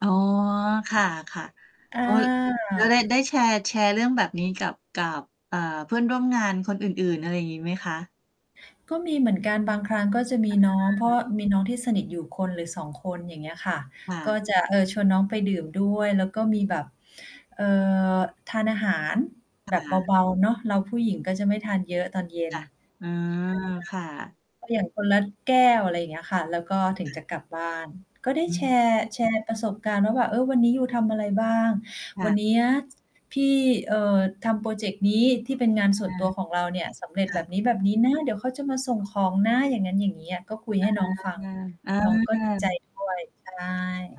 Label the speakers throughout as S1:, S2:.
S1: อ๋อ ค่ะ
S2: อ
S1: ๆ อ๋อ ล แล้วได้ ได
S2: า
S1: ้แชร์ แชร์เรื่องแบบนี้ กับ กับ เอ่อ เพื่อนร่วมงานคนอื่น ๆ อะไรอย่างงี้ไหมคะ?
S2: ก็มีเหมือนกันบางครั้ง ก็จะมีน้อง เพร
S1: อ
S2: า
S1: า
S2: ะมีน้องที่สนิทอยู่คนหรือ 2 คน อย่างเงี้ยค่ะ
S1: ค่
S2: ก
S1: ะ
S2: ็จะ เออ ชวนน้องไปดื่มด้วย แล้วก็มีแบบ เอ่อ ทานอาหาร
S1: ค
S2: แบ
S1: ่
S2: บ
S1: ะ
S2: เบา ๆ เนาะ เราผู้หญิงก็จะไม่ทานเยอะตอนเย็
S1: ค
S2: น
S1: ่ะ อืม ค่ะ
S2: ใช่ไหมคะ ก็อย่างคนละแก้ว อะไรอย่างเงี้ยค่ะ แล้วก็ถึง
S1: ค่
S2: จะ
S1: ะ
S2: กลับบ้าน ก็ได้
S1: อื
S2: แช
S1: ม
S2: ร์ แชร์ ประสบการณ์แล้วว่า "เออ วันนี้ยูทำอะไรบ้าง
S1: ค
S2: ว
S1: ่
S2: ัน
S1: ะ
S2: เนี้ย พี่ เอ่อ ทำพรอเจกต์นี้ ที่เป็นงานส
S1: อ
S2: ่วน
S1: า
S2: ตัวของเราเนี่ย สำเร็
S1: ค
S2: จ
S1: ่
S2: แบบ
S1: ะ
S2: นี้ ๆ นะ เดี๋ยวเขาจะมาส่งของนะ" อย่างงั้นอย่างงี้อะ ก็คุย
S1: อ
S2: ให
S1: า
S2: ้น้องฟัง
S1: เอ
S2: น้องก็ดีใจ
S1: อ
S2: ด้วย ใช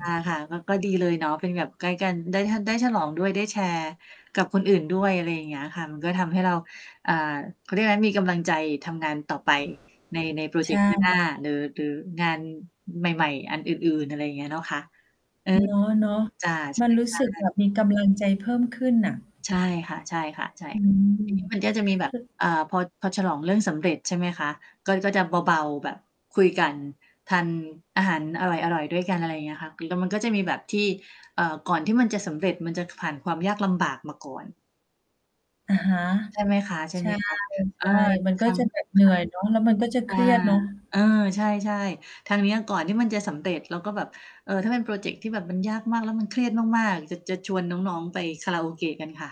S1: อา ค่ะ ก็ ก็ดีเลยเนาะ เป็นแบบใกล้กัน ได้ทัน ได้ฉลองด้วย ได้แชร์ กับคนอื่นด้วย อะไรอย่างเงี้ยค่ะ มันก็ทำให้เรา อ่า เขาเรียกอะไร มีกำลังใจทำงานต่อไปใน ในพรอ
S2: ใ
S1: เ
S2: ช
S1: จกต
S2: ่
S1: ์หน้า หน้า หรือ หรืองานใหม่ ๆ อันอื่น ๆ อะไรอย่างเงี้ยเนาะคะ เออ
S2: เนาะ
S1: จ้ะ ใ
S2: ๆ
S1: ช
S2: มันรู้สึก
S1: ่
S2: แบ
S1: ๆ
S2: บมีกำลังใจเพิ่มขึ้นน่ะ
S1: ใช่ค่ะ ๆ ใช่
S2: อื
S1: ที
S2: ม
S1: นี้ มันก็จะมีแบบ
S2: ค
S1: อ่า พอ พอฉลองเรื่องสำเร็จ ใช่ไหมคะ ก็ ก็จะเบา ๆ แบบคุยกัน ทานอาหารอร่อย ๆ ด้วยกัน อะไรอย่างเงี้ยค่ะ เแล้วมันก็จะมีแบบที่ เอ่อ ก่อนที่มันจะสำเร็จมันจะ ผ่านความยากลำบากมาก่อน
S2: อะฮะ
S1: ใช่ไหมคะ
S2: ใช่
S1: ๆ เออ
S2: ๆ มัน
S1: ท
S2: ก็จะแบบเหนื่อยเนาะ แล้วมันก็จะ
S1: ำ ค
S2: เค
S1: ่ะ อา
S2: รียดเนาะ
S1: เออ ใช่ ๆ ทางเนี้ย ก่อนที่มันจะสำเร็จ เราก็แบบ เออ ถ้าเป็นพรอเจกต์ที่แบบมันยากมาก แล้ว มันเครียดมาก ๆ จะ จะชวนน้อง ๆ ไปคาราโอเกะกันค่ะ